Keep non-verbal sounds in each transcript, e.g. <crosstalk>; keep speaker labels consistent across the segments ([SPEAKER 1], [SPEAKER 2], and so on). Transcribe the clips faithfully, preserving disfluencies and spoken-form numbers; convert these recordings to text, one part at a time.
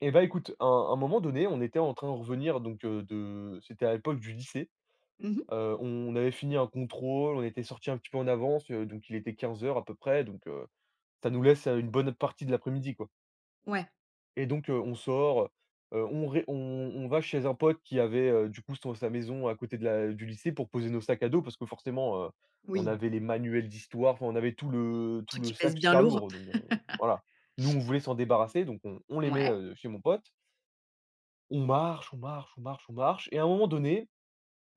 [SPEAKER 1] Eh, bah, écoute, un un moment donné, on était en train de revenir donc heu, de c'était à l'époque du lycée.
[SPEAKER 2] Mmh mh.
[SPEAKER 1] Heu, on avait fini un contrôle. On était sortis un petit peu en avance, heu, donc il était quinze heures à peu près donc heu, ça nous laisse, heu, une bonne partie de l'après-midi, quoi.
[SPEAKER 2] Ouais.
[SPEAKER 1] Et donc heu, on sort, heu, on re on on va chez un pote qui avait, heu, du coup, son sa maison à côté de la du lycée pour poser nos sacs à dos parce que, forcément, heu, on
[SPEAKER 2] Oui.
[SPEAKER 1] avait les manuels d'histoire. Enfin, on avait tout le tout
[SPEAKER 2] Truc
[SPEAKER 1] le
[SPEAKER 2] qui pèse
[SPEAKER 1] sac
[SPEAKER 2] bien
[SPEAKER 1] super
[SPEAKER 2] lourd.
[SPEAKER 1] lourd donc heu.
[SPEAKER 2] <laughs>
[SPEAKER 1] Voilà. Nous, on voulait s'en débarrasser donc on on les met,
[SPEAKER 2] Mouais.
[SPEAKER 1] heu, chez mon pote on marche, on marche, on marche, on marche et à un moment donné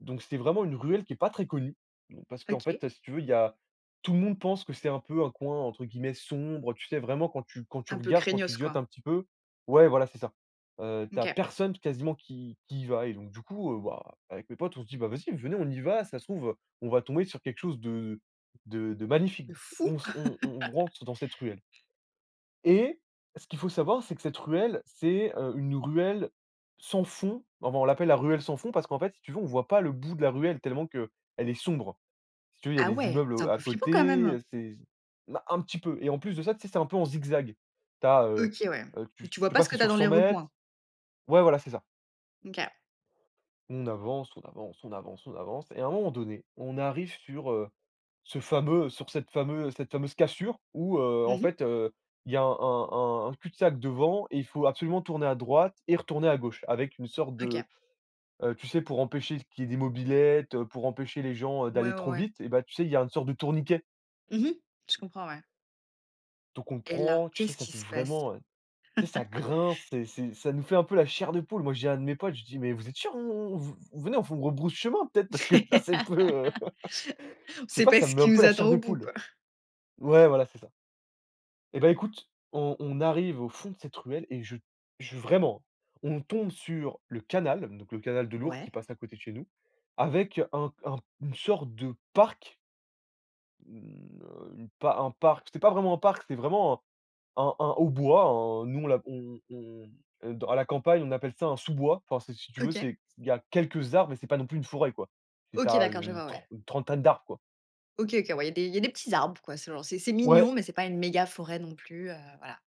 [SPEAKER 1] donc c'était vraiment une ruelle qui est pas très connue, mmh, parce qu'en
[SPEAKER 2] OK.
[SPEAKER 1] fait, heu, si tu veux, il y a tout le monde pense que c'est un peu un coin, entre guillemets, «sombre», tu sais, vraiment quand tu quand tu
[SPEAKER 2] Un peu
[SPEAKER 1] regardes, quand tu
[SPEAKER 2] craignos,
[SPEAKER 1] zieutes
[SPEAKER 2] quoi!
[SPEAKER 1] un petit peu ouais, voilà, c'est ça. Heu, tu as
[SPEAKER 2] OK.
[SPEAKER 1] personne quasiment qui qui y va et donc du coup, heu, bah, avec mes potes, on se dit: «Bah, vas-y, venez, on y va, ça se trouve on va tomber sur quelque chose de de de magnifique».
[SPEAKER 2] De
[SPEAKER 1] Du coup,
[SPEAKER 2] fou!
[SPEAKER 1] on se on on
[SPEAKER 2] <laughs>
[SPEAKER 1] rentre dans cette ruelle et ce qu'il faut savoir, c'est que cette ruelle, c'est, heu, une ruelle, sans fond. Avant, on l'appelle la ruelle sans fond parce qu'en fait, si tu veux, on voit pas le bout de la ruelle tellement qu'elle est sombre. Si tu veux, il y a
[SPEAKER 2] Ah,
[SPEAKER 1] des
[SPEAKER 2] ouais!
[SPEAKER 1] immeubles,
[SPEAKER 2] C'est un
[SPEAKER 1] heu, à
[SPEAKER 2] peu flippant, quand
[SPEAKER 1] côté,
[SPEAKER 2] même?
[SPEAKER 1] heu, c'est bah, un petit peu et en plus de ça, tu sais, c'est un peu en zigzag. Tu as, heu,
[SPEAKER 2] OK. Ouais mais
[SPEAKER 1] tu
[SPEAKER 2] tu vois
[SPEAKER 1] tu
[SPEAKER 2] pas ce
[SPEAKER 1] passais
[SPEAKER 2] que tu as
[SPEAKER 1] sur
[SPEAKER 2] dans les
[SPEAKER 1] cent mètres
[SPEAKER 2] recoins?
[SPEAKER 1] ouais, voilà, c'est ça.
[SPEAKER 2] OK.
[SPEAKER 1] On avance, on avance, on avance, on avance et à un moment donné, on arrive sur, heu, ce fameux sur cette fameu cette fameuse cassure, où, heu,
[SPEAKER 2] Mmh
[SPEAKER 1] en
[SPEAKER 2] mh.
[SPEAKER 1] fait, heu, il y a un un un cul-de-sac devant et il faut absolument tourner à droite et retourner à gauche avec une sorte de,
[SPEAKER 2] OK.
[SPEAKER 1] heu, tu sais, pour empêcher qu'il y ait des mobylettes, heu, pour empêcher les gens, heu,
[SPEAKER 2] Ouais,
[SPEAKER 1] d'aller
[SPEAKER 2] ouais,
[SPEAKER 1] trop
[SPEAKER 2] ouais.
[SPEAKER 1] vite et bah, tu sais, il y a une sorte de tourniquet
[SPEAKER 2] Mmh mh. Je comprends, ouais.
[SPEAKER 1] donc on le
[SPEAKER 2] Et là,
[SPEAKER 1] prend. Tu sais,
[SPEAKER 2] qu'est-ce
[SPEAKER 1] ça
[SPEAKER 2] qui
[SPEAKER 1] fait
[SPEAKER 2] se passe?
[SPEAKER 1] vraiment, heu, tu sais, ça
[SPEAKER 2] <laughs>
[SPEAKER 1] grince, c'est c'est ça nous fait un peu la chair de poule. Moi, j'ai un de mes potes, je lui dis: «Mais vous êtes sûr? On on vous venez, on rebrousse chemin peut-être parce que, là, c'est un peu»
[SPEAKER 2] <laughs> On
[SPEAKER 1] <laughs> Je sais
[SPEAKER 2] sait
[SPEAKER 1] pas.
[SPEAKER 2] pas
[SPEAKER 1] Ça me
[SPEAKER 2] ce
[SPEAKER 1] met un
[SPEAKER 2] qui
[SPEAKER 1] peu
[SPEAKER 2] nous
[SPEAKER 1] la
[SPEAKER 2] attend
[SPEAKER 1] chair de
[SPEAKER 2] au bout,
[SPEAKER 1] poule.
[SPEAKER 2] quoi.
[SPEAKER 1] Ouais, voilà, c'est ça. Eh, bah, écoute, on on arrive au fond de cette ruelle et je je vraiment, hein, on tombe sur le canal donc le canal de l'Ourcq
[SPEAKER 2] Ouais.
[SPEAKER 1] qui passe à côté de chez nous, avec un un une sorte de parc une, heu, une un parc, c'était pas vraiment un parc, c'est vraiment un un un haut bois, un nous, on l'a on on mmh, heu, dans à la campagne, on appelle ça un sous-bois. Enfin, c'est, si tu veux,
[SPEAKER 2] OK.
[SPEAKER 1] c'est il y a quelques arbres mais c'est pas non plus une forêt, quoi. C'est tu
[SPEAKER 2] OK,
[SPEAKER 1] as à
[SPEAKER 2] d'accord.
[SPEAKER 1] u
[SPEAKER 2] Je
[SPEAKER 1] une
[SPEAKER 2] vois, ouais.
[SPEAKER 1] trent une trentaine d'arbres, quoi.
[SPEAKER 2] OK, OK, ouais. Il y a il y a des petits arbres, quoi. C'est genre, c'est c'est
[SPEAKER 1] Ouais.
[SPEAKER 2] mignon mais c'est pas une méga forêt non plus, heu, voilà.